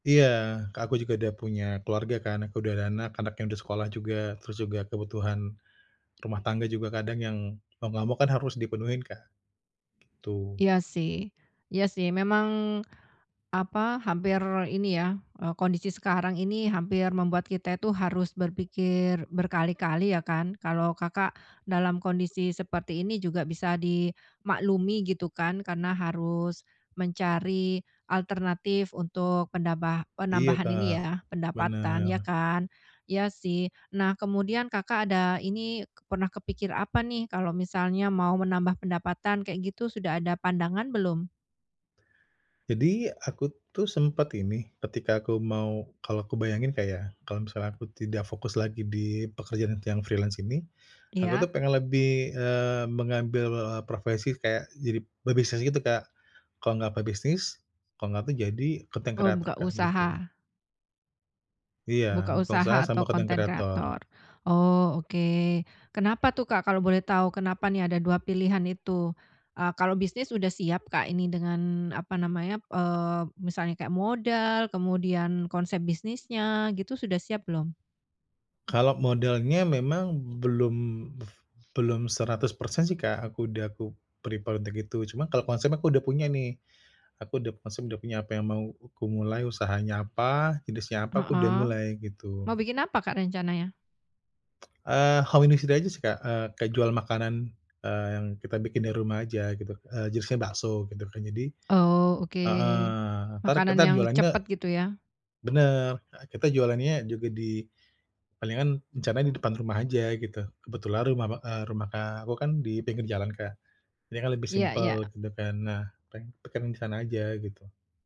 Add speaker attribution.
Speaker 1: Iya, ke aku juga udah punya keluarga kan, aku udah ada anak, anaknya udah sekolah juga. Terus juga kebutuhan rumah tangga juga, kadang yang lama-lama kan harus dipenuhin Kak. Gitu.
Speaker 2: Iya sih Iya sih memang, apa, hampir ini ya, e kondisi sekarang ini hampir membuat kita itu harus berpikir berkali-kali ya kan, kalau Kakak, dalam kondisi seperti ini juga bisa dimaklumi, gitu kan. Karena harus mencari alternatif untuk pendambah
Speaker 1: Iya
Speaker 2: penambahan ini
Speaker 1: Kak,
Speaker 2: ya, pendapatan, ya
Speaker 1: bener.
Speaker 2: kan. Iya sih, nah kemudian Kakak ada ini pernah kepikir apa nih, kalau misalnya mau menambah pendapatan, kayak gitu. Sudah ada pandangan belum?
Speaker 1: Jadi, aku tuh sempet ini, ketika aku mau kalau aku bayangin Kak ya, kalau misalnya aku tidak fokus lagi di pekerjaan tuh yang freelance ini, aku tuh
Speaker 2: Iya.
Speaker 1: pengen lebih, eee, mengambil, eee, profesi kayak jadi pebisnis gitu Kak. Kalau nggak pebisnis kalau nggak tuh jadi, konten
Speaker 2: Oh,
Speaker 1: kreator
Speaker 2: buka
Speaker 1: Kak, gitu.
Speaker 2: usaha.
Speaker 1: Iya,
Speaker 2: Buka
Speaker 1: buka usaha
Speaker 2: usaha
Speaker 1: sama
Speaker 2: atau
Speaker 1: konten
Speaker 2: konten
Speaker 1: kreator.
Speaker 2: kreator. Oh, oke. Kenapa tuh Kak kalau boleh tahu? Kenapa nih ada dua pilihan itu? Eee, kalau bisnis udah siap Kak ini dengan apa namanya, eee, misalnya kayak modal, kemudian konsep bisnisnya, gitu, sudah siap belum?
Speaker 1: Kalau modalnya memang belum buf belum 100% sih Kak, aku udah aku prepare untuk itu. Cuma kalau konsepnya aku udah punya nih. Aku udah maksudnya udah punya apa yang mau ku mulai usahanya apa, jenisnya apa, aku udah
Speaker 2: Heeh.
Speaker 1: mulai, gitu.
Speaker 2: Mau bikin apa Kak, rencananya?
Speaker 1: Eee, home industry aja sih Kak, eee, kayak jual makanan, eee, yang kita bikin di rumah aja, gitu. Eee, jenisnya bakso, gitu kan. Jadi
Speaker 2: Oh, oke.
Speaker 1: heeh, entar
Speaker 2: Makanan
Speaker 1: kita
Speaker 2: yang
Speaker 1: jualannya
Speaker 2: cepat, gitu ya?
Speaker 1: bener, e kita jualannya juga di palingan rencana di depan rumah aja, gitu. Kebetulan rumah ba e rumah, Kak, aku kan dipinggir jalan Kak, ini kan lebih
Speaker 2: Iya iya.
Speaker 1: simpel gitu kan, nah, peng pengen di sana aja, gitu.